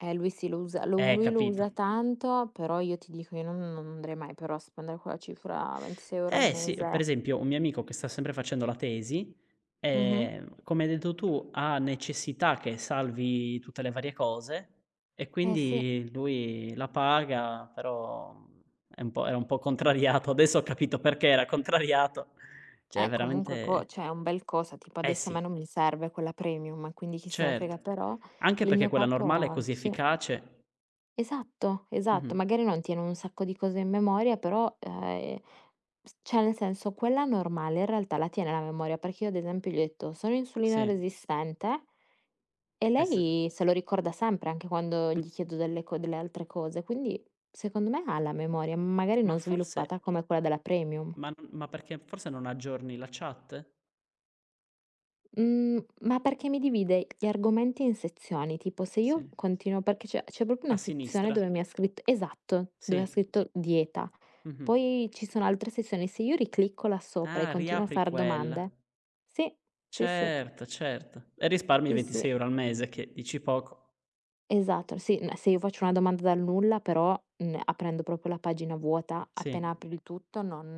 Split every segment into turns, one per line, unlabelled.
Eh, lui sì lo usa lo u
Eh,
lui lo
capito.
usa tanto, però io ti dico io no non andrei mai però a spendere quella cifra, 26 € al
Eh, sì, per
mese.
esempio un mio amico che sta sempre facendo la tesi,
Mh-mh.
ehm, come hai detto tu, ha necessità che salvi tutte le varie cose e
Eh sì.
quindi lui la paga, però, uhm, è un po' era un po' contrariato. Adesso ho capito perché era contrariato. Cioè è
Eh, comunque
veramente
co cioè è un bel cosa, tipo
Eh,
adesso a
sì.
me non mi serve quella premium, quindi chi se ne frega.
Certo,
Però
anche
il
perché
mio
quella normale è
capo,
così
sì.
efficace.
Esatto, esatto,
Mh-mh.
magari non tiene un sacco di cose in memoria, però, ah, ehm, s cioè nel senso quella normale in realtà la tiene la memoria, perché io ad esempio gli ho detto: "Sono insulino
Sì.
resistente" e
E sì.
lei se lo ricorda sempre, anche quando
M
gli chiedo delle co delle altre cose. Quindi secondo me ha la memoria, magari
Ma
non
forse
sviluppata come quella della premium.
Ma n ma perché forse non aggiorni la chat?
Mhmm, ma perché mi divide gli argomenti in sezioni, tipo se io
Sì.
continuo perché c'è c'è proprio
A
una sezione
sinistra.
dove mi ha scritto esatto, dove ha
Sì.
scritto: dieta.
Mh-mh.
Poi ci sono altre sezioni, se io riclicco là sopra e
Ah,
continuo a
riapri
far
quella.
domande sì, sì, sì.
Certo, certo. E risparmi
Sì, sì.
26 € al mese che, dici poco.
Esatto. Sì, ma se io faccio una domanda dal nulla, però, uhm, aprendo proprio la pagina vuota
Sì.
appena apri il tutto non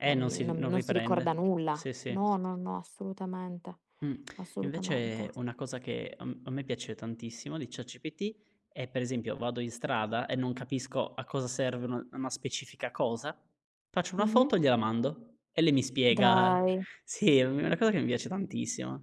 Eh,
non
non
mi
si
non
non
non si ricorda
riprende.
nulla.
Sì, sì.
No, no, no, assolutamente.
Mh.
Assolutamente.
Invece una cosa che a m a me piace tantissimo di ChatGPT è per esempio: vado in strada e non capisco a cosa serve un una specifica cosa, faccio una
Mh-mh.
foto e gliela mando e lei mi spiega.
Dai!
Sì, è u è una cosa che mi piace tantissimo.